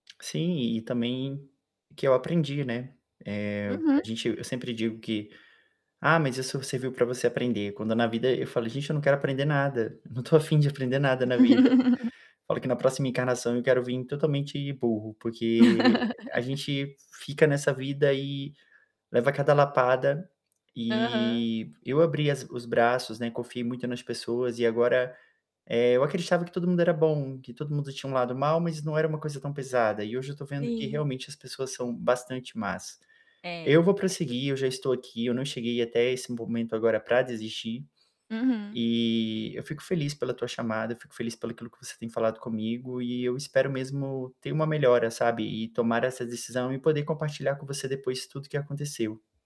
Sim. E também que eu aprendi, né, eh, Uhum. a gente eu sempre digo que: "Ah, mas isso serviu para você aprender". Quando na vida eu falo: "Gente, eu não quero aprender nada, não tô a fim de aprender nada na vida". Falo que na próxima encarnação eu quero vim totalmente burro, porque a gente fica nessa vida e leva cada lapada. Aham. E eu abri as os braços, né, confiei muito nas pessoas e agora, eh, eu acreditava que todo mundo era bom, que todo mundo tinha um lado mal, mas não era uma coisa tão pesada. E hoje eu estou vendo que Sim. realmente as pessoas são bastante más. É. Eu vou prosseguir, eu já estou aqui, eu não cheguei até esse momento agora para desistir. Uhum. E eu fico feliz pela tua chamada, fico feliz pelo aquilo que você tem falado comigo e eu espero mesmo ter uma melhora, sabe. E tomar essa decisão e poder compartilhar com você depois tudo que aconteceu.